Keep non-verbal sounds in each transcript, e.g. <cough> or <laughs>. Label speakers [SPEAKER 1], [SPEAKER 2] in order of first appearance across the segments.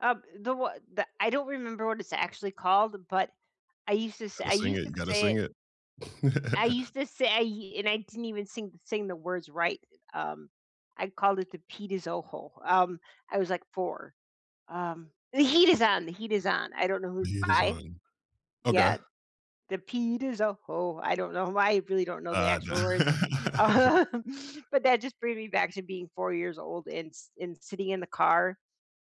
[SPEAKER 1] Uh, the w the I don't remember what it's actually called but I used to s
[SPEAKER 2] Gotta
[SPEAKER 1] I
[SPEAKER 2] sing
[SPEAKER 1] used
[SPEAKER 2] it, you
[SPEAKER 1] to
[SPEAKER 2] gotta
[SPEAKER 1] say it.
[SPEAKER 2] sing it.
[SPEAKER 1] I
[SPEAKER 2] <laughs>
[SPEAKER 1] used to say and I didn't even sing sing the words right, eh, um, I called it the "Pita zoho," um, I was, like, 4. Um, The Heat Is On, The Heat Is On, I don't know who
[SPEAKER 2] The
[SPEAKER 1] it's
[SPEAKER 2] Heat Is
[SPEAKER 1] by.
[SPEAKER 2] On. Okay.
[SPEAKER 1] Yes. "The pita zoho," I don't know why, I really don't know the
[SPEAKER 2] Uh,
[SPEAKER 1] actual words.
[SPEAKER 2] n <laughs>
[SPEAKER 1] Um But that just brings me back to being 4 years old and s and sitting in the car,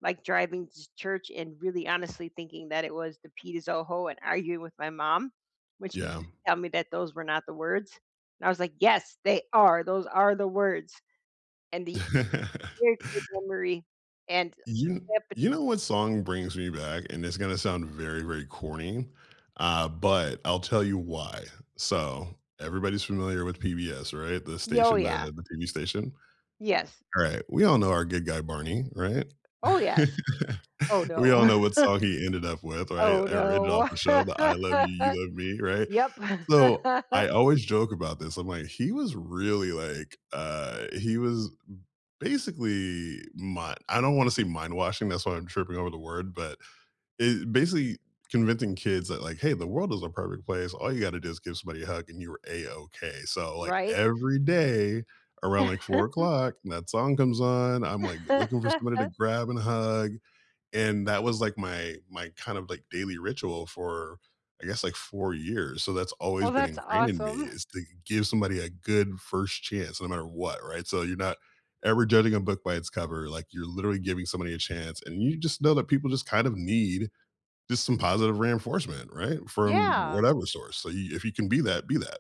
[SPEAKER 1] like, driving to church and really honestly thinking that it was "the pita zoho," and arguing with my mom, which
[SPEAKER 2] Yeah.
[SPEAKER 1] tell me that those were not the words. And I was like, "Yes, they are, those are the words." And the
[SPEAKER 2] <laughs>
[SPEAKER 1] <unintelligible> memory and
[SPEAKER 2] You
[SPEAKER 1] hepat
[SPEAKER 2] you know what song brings me back? And it's gonna sound very, very corny, uh, but I'll tell you why. So, everybody's familiar with PBS, right? The
[SPEAKER 1] Y oh,
[SPEAKER 2] station the
[SPEAKER 1] yeah.
[SPEAKER 2] the TV station.
[SPEAKER 1] Yes.
[SPEAKER 2] Alright, we all know our good guy, Barney, right?
[SPEAKER 1] Oh, yes. Oh,
[SPEAKER 2] <laughs> We
[SPEAKER 1] no.
[SPEAKER 2] all know what song he ended up
[SPEAKER 1] <chuckles>
[SPEAKER 2] with, right?
[SPEAKER 1] Oh,
[SPEAKER 2] I read it off
[SPEAKER 1] no.
[SPEAKER 2] the show, the, "I love you,
[SPEAKER 1] <laughs>
[SPEAKER 2] you love me," right?
[SPEAKER 1] Yep.
[SPEAKER 2] So,
[SPEAKER 1] <laughs>
[SPEAKER 2] I always joke about this, I'm like, "He was really like uh, he was b basically mi" I don't wanna say mind washing, that's why I'm tripping over the word but i basically convincing kids that, like, "Hey, the world is a perfect place. All you gotta do is give somebody a hug and you're A-okay." so, like,
[SPEAKER 1] Right.
[SPEAKER 2] every day around, like, four
[SPEAKER 1] <chuckles>
[SPEAKER 2] o'clock and that song comes on, I'm, like, looking for somebody to
[SPEAKER 1] <laughs>
[SPEAKER 2] grab and hug. And that was, like, my my kind of like daily ritual for, I guess, like, 4 years, so that's always
[SPEAKER 1] Oh,
[SPEAKER 2] been
[SPEAKER 1] that's
[SPEAKER 2] ingrained in me
[SPEAKER 1] awesome.
[SPEAKER 2] is to give somebody a good first chance no matter what, right? So, you're not ever judging a book by its cover, like, you're literally giving somebody a chance, and you just know that people just kind of need just some positive reinforcement, right? From
[SPEAKER 1] Yeah.
[SPEAKER 2] whatever source, so you if you can be that, be that.